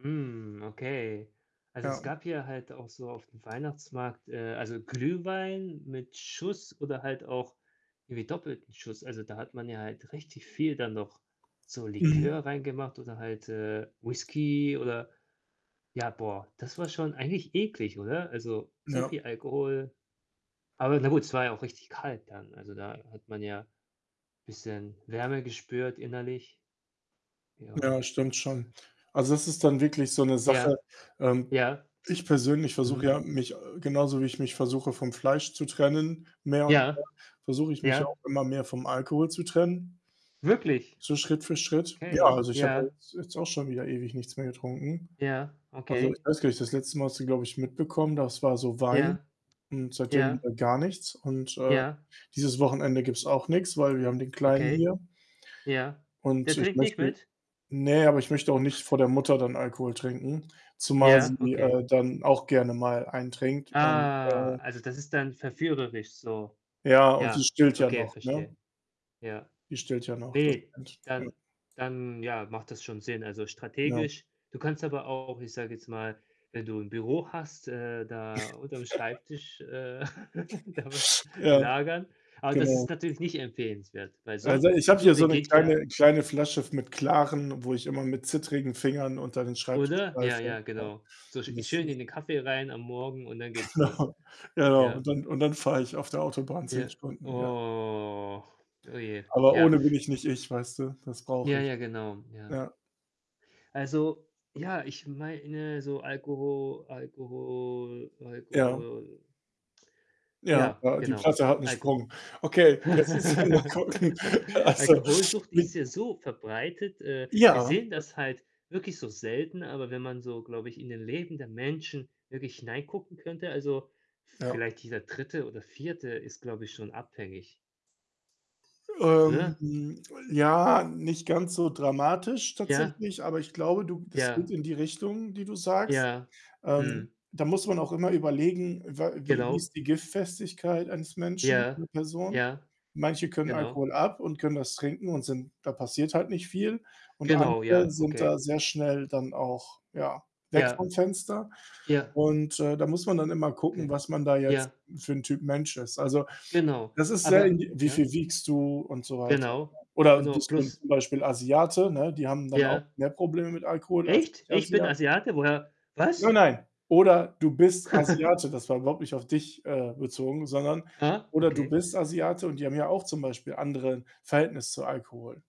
Hm, okay. Also, es Ja. gab hier halt auch so auf'm Weihnachtsmarkt äh, also, Glühwein mit Schuss oder halt auch irgendwie doppelten Schuss. Also, da hat man ja halt richtig viel dann noch so Mhm. Likör reingemacht oder halt, äh, Whiskey oder ja, boah, das war schon eigentlich eklig, oder? Also, so Ja. viel Alkohol. Aber na gut, es war ja auch richtig kalt dann, also, da hat man ja bisschen Wärme gespürt innerlich. Ja, Ja. das stimmt Tz schon. Also, das ist dann wirklich so 'ne Sache. Ja. Ähm, Ja. ich persönlich versuche Mhm. ja, mich, äh genauso wie ich mich versuche vom Fleisch zu trennen mehr und mehr Ja. versuche ich mich ja Ja. auch immer mehr vom Alkohol zu trennen Wirklich? so Schritt für Schritt. Ja, Okay. also, ich habe ja Ja. jetzt jetzt auch schon wieder ewig nichts mehr getrunken. Ja, Also, ich okay. weiß gar nicht, das letzte Mal hast du, glaube ich, mitbekommen, das war so Wein Ja, und seitdem ja. wieder gar nichts, und, äh, Ja. dieses Wochenende gibt's auch nix, weil wir haben den Kleinen Okay, hier. ja. Der Und ich trinkt nicht möchte mit? ne, aber ich möchte auch nicht vor der Mutter dann Alkohol trinken, zumal Ja, sie, okay. äh, dann auch gerne mal einen trinkt. Und, Ah. äh Also, das ist dann verführerisch so. Ja, und die Ja, stillt ja okay, noch, verstehe, ne? ja. Die stillt ja noch, das Ne, stimmt. Ja. dann dann, ja, macht das schon Sinn, also, Ja. strategisch. Du kannst aber auch, ich sage jetzt mal, wenn du 'n Büro hast, äh, da unterm Schreibtisch, äh, da was Ja, lagern, aber das genau. ist natürlich nicht empfehlenswert, weil so 'n Also, ich habe so hier so 'ne beginnt ja kleine kleine Flasche f mit Klarem, wo ich immer mit zittrigen Fingern unter den Schreibtisch Oder? Ja, greife, ja, ja. genau. So sch Und das schön ist in den Kaffee rein am Morgen und dann geht's los. genau, genau. Ja. Und dann und dann fahre ich auf der Autobahn 10 Ja. Stunden, ja. Oh. Oh, je. Aber Ja. ohne bin ich nicht ich, weißt du. Das Ja, brauche ich. ja, genau. Ja. Ja. Also, ja, ich meine so Alkoho Alkohol Ja. Alkohol Ja, ja, ja, die genau. Platte hat 'n Alkoh Sprung. Okay, jetzt müssen wir mal gucken, also, Alkoholsucht wie ist ja so verbreitet. Äh, wir Ja, sehen das das schon. halt wirklich so selten, aber wenn man so, glaube ich, in den Leben der Menschen wirklich hineingucken könnte, also, Ja. v-vielleicht jeder 3. oder 4. ist, glaube ich, schon abhängig. Ähm, Oder? ja, nicht ganz so dramatisch Ja. tatsächlich, aber ich glaube, du das geht Ja. in die Richtung, die du sagst. Ja, Ähm, mhm. da muss man auch immer überlegen, wa wie wie Genau. ist die Giftfestigkeit eines Menschen, Ja, einer Person. ja, Manche können genau. Alkohol ab und können das trinken und sind da passiert halt nicht viel. Und Genau, andere ja, sind da okay. sehr schnell dann auch, ja, weg Ja, vom Fenster, ja. und, äh, da muss man dann immer gucken, Okay, was man da jetzt ja. für 'n Typ Mensch ist. Also, Genau, das ist sehr aber indivi wie ja? viel wiegst du und so weiter, ja? Genau, Oder genau, bist du plus zum Beispiel Asiate, ne? Die haben dann auch Ja. mehr Probleme mit Alkohol als Echt? Ich bin Nicht-Asia Asiate? Woher Nein, was? nein! „Oder du bist Asiate.“ Das war überhaupt nicht auf dich, äh, bezogen, sondern: Ah, „Oder du okay. bist Asiate.“ Und die haben ja auch zum Beispiel andere Verhältnis zu Alkohol.